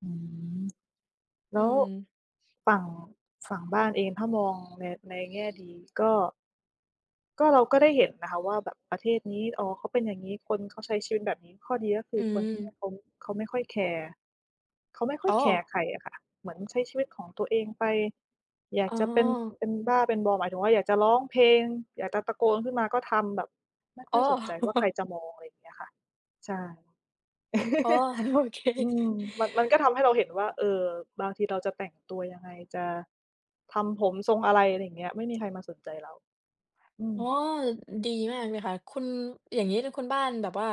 อืม แลอ้ืวม ฝั่ง ฝั่งบ้านเอง ถ้ามองใน ในแง่ดีก็ ก็เราก็ได้เห็นนะคะ ว่าแบบประเทศนี้ อ๋อ เขาเป็นอย่างงี้ คนเขาใช้ชีวิตแบบนี้ ข้อดีก็คือือคนที่นม ี่เขา เขาไม่ค่อยแคร์ เขาไม่ค่ออ๋ยแคร์อ ใครอะค่ะ เหมือนใช้ชีวิตของตัวเองไป อยาอ๋กอ จะเป็น เป็นบ้า เป็นบอ หมายถึงว่า อยากจะร้องเพลง อยากจะตะโกนขึ้นมาก็ทำ แบบไม่คอ่้ออ ยสนใจว่าใครจะมอง อะไรเงี้ยค่ะ ใช่ อ๋อ โอเค อืม มัน มันก็ทำให้เราเห็นว่า เออ บางทีเราจะแต่งตัวยังไง? จะทำผมทรงอะไร? อะไรเงี้ย ไม่มี ใครมาสนใจเรา อือม ๋อ ดีมากเลยค่ะ คุณ อย่างงี้ แล้วคุณบ้านแบบว่า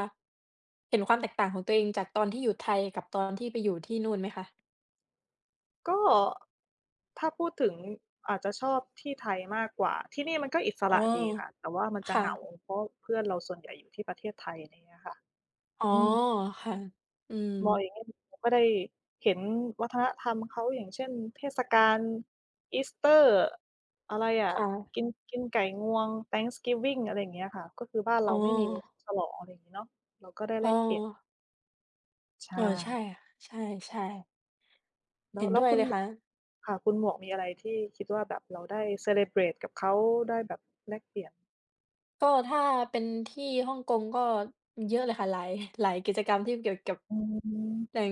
เห็นความแตกต่างของตัวเอง จากตอนที่อยู่ไทยกับตอนที่ไปอยู่ที่นู่นไหมคะ? ก็ ถ้าพูดถึง อาจจะชอบที่ไทยมากกว่า ที่นี่มันก็อิสอ๋รอ ะดีค่ะ แต่ว่ามันจคะ่เหงา ะ เพราะว่าเพื่อนเราส่วนใหญ่อยู่ที่ประเทศไทย ไรเงี้ยค่ะ อ๋อ อืม ค่ะ อืม บ่อย [unintelligible] ก็ได้เห็นวัฒนธรรมเขา อย่างเช่น เทศกาลอีสเตอร์ อะไรอะ ค่ะ กิน กินไก่งวง Thanksgiving อะไรอย่างเงี้ยค่ะ ก็คือบ้านเรอ๋าอ ไม่มีฉลอง อะไรงี้เนาะ เราก็ได้อแ๋ลอ กเปลี่ยน ใชเออ ใช่่ ค่ะ ใช่ ๆ แลเ้ห็ว นแลด้้ววยคุเณ ลยม ค่ะ ค่ะ คุณหมวกมีอะไรที่คิดว่าแบบเราได้ celebrate กับเขา ได้แบบแลกเปลี่ยน? ก็ถ้าเป็นที่ฮ่องกงก็เยอะเลยค่ะ หลาย หลายกิจกรรมที่เกี่ยวกับ อืม อย่าง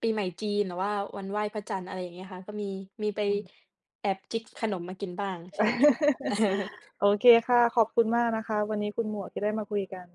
ปีใหม่จีน หรือว่าวันไหว้พระจันทร์ อะไรอย่างเงี้ยค่ะ ก็มี มีไปอืม แอบจิ๊กขนมมากินบ้าง ใช่ค่ะ โอเคค่ะ ขอบคุณมากนะคะวันนี้คุณหมวก ที่ได้มาคุยกัน